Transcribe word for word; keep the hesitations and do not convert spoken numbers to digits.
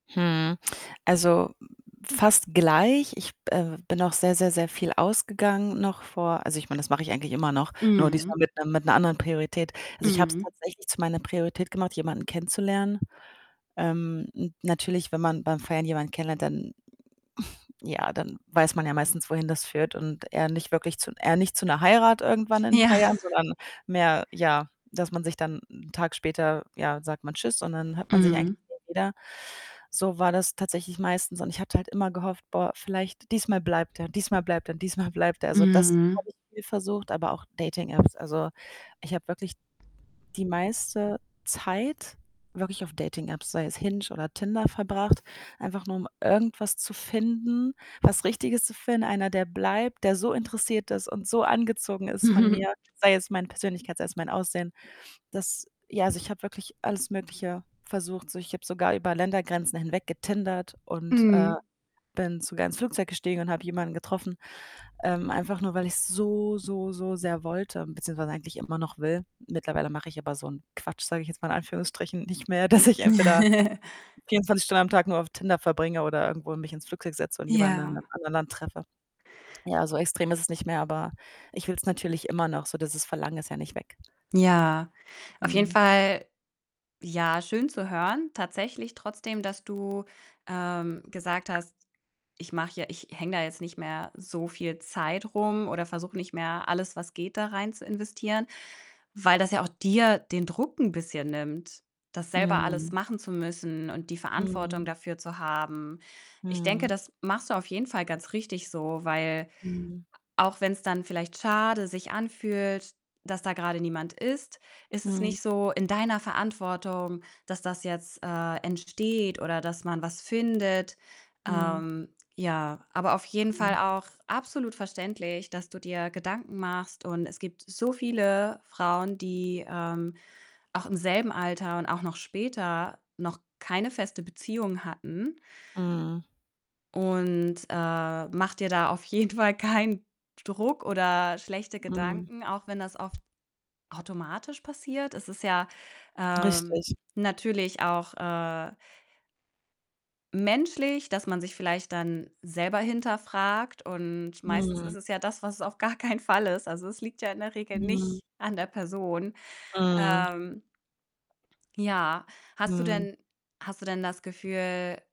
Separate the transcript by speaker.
Speaker 1: Hm. Also, fast gleich. Ich, b äh, b bin auch sehr, sehr, sehr viel ausgegangen, noch vor also, ich meine, das mache ich eigentlich immer noch, nur
Speaker 2: Mhm.
Speaker 1: diesmal mit 'nem mit 'ner anderen Priorität. Also, ich habe es
Speaker 2: Mhm.
Speaker 1: tatsächlich zu meiner Priorität gemacht, jemanden kennenzulernen. Ähm, n natürlich, wenn man beim Feiern jemanden kennenlernt, dann ja, dann weiß man ja meistens, wohin das führt und eher nicht wirklich zu eher nicht zu 'ner Heirat irgendwann in ein
Speaker 2: Ja.
Speaker 1: paar Jahren, sondern mehr ja, dass man sich dann 'n Tag später, ja, sagt man: „Tschüss“ und dann hört man sich eigentlich
Speaker 2: Mhm.
Speaker 1: nie wieder. So war das tatsächlich meistens und ich hatte halt immer gehofft: „Boah, vielleicht diesmal bleibt er, diesmal bleibt er, diesmal bleibt er!“ Also das
Speaker 2: Mhm.
Speaker 1: habe ich viel versucht, aber auch Dating-Apps. Also, ich habe wirklich die meiste Zeit wirklich auf Dating-Apps, sei es „Hinge“ oder „Tinder“ verbracht, einfach nur um irgendwas zu finden, was Richtiges zu finden. Einer, der bleibt, der so interessiert ist und so angezogen ist von mir, sei es meine Persönlichkeit, sei es mein Aussehen. Das ja, also ich habe wirklich alles Mögliche versucht. So, ich habe sogar über Ländergrenzen hinweg getindert und, äh,
Speaker 2: Mhm.
Speaker 1: bin sogar ins Flugzeug gestiegen und habe jemanden getroffen, ähm, einfach nur, weil ich's so, so, so sehr wollte. beziehungsweise eigentlich immer noch will. Mittlerweile mache ich aber so 'n Quatsch, sage ich jetzt mal in Anführungsstrichen, nicht mehr, dass ich entweder vierundzwanzig Stunden am Tag nur auf Tinder verbringe oder irgendwo mich ins Flugzeug setze und jemanden in
Speaker 2: Ja.
Speaker 1: 'nem anderen Land treffe. Ja, so extrem ist es nicht mehr, aber ich will's natürlich immer noch, so, dieses Verlangen ist ja nicht weg.
Speaker 2: Ja. Auf jeden
Speaker 1: Mhm.
Speaker 2: Fall, ja, schön zu hören tatsächlich, trotzdem, dass du, ähm, gesagt hast: „Ich mache ja ich hänge da jetzt nicht mehr so viel Zeit rum oder versuche nicht mehr, alles, was geht, da rein zu investieren“, weil das ja auch dir den Druck 'n bisschen nimmt, das selber alles
Speaker 1: Mhm.
Speaker 2: machen zu müssen und die Verantwortung
Speaker 1: Mhm.
Speaker 2: dafür zu haben. Ich denke,
Speaker 1: Mhm.
Speaker 2: das machst du auf jeden Fall ganz richtig so, weil
Speaker 1: Mhm.
Speaker 2: a auch wenn's dann vielleicht schade sich anfühlt, dass da grade niemand ist, ist es
Speaker 1: Mhm.
Speaker 2: nicht so in deiner Verantwortung, dass das jetzt, äh, entsteht oder dass man was findet.
Speaker 1: Mhm.
Speaker 2: Ähm, ja, aber auf jeden Fall
Speaker 1: [unintelligible]
Speaker 2: auch absolut verständlich, dass du dir Gedanken machst und es gibt so viele, äh, Frauen, die, ähm, auch im selben Alter und auch noch später noch keine feste Beziehung hatten.
Speaker 1: Mhm.
Speaker 2: Und, äh, mach dir da auf jeden Fall keinen Druck oder schlechte
Speaker 1: Mhm.
Speaker 2: Gedanken, auch wenn das oft automatisch passiert. Es ist ja, ähm,
Speaker 1: Richtig.
Speaker 2: natürlich auch, äh menschlich, dass man sich vielleicht dann selber hinterfragt und meistens
Speaker 1: Mhm.
Speaker 2: ist es ja das, was es auf gar keinen Fall ist. Also, es liegt ja in der Regel
Speaker 1: Mhm.
Speaker 2: nicht an der Person.
Speaker 1: Mhm.
Speaker 2: Ähm Ja. Hast du
Speaker 1: Mhm.
Speaker 2: denn hast du denn das Gefühl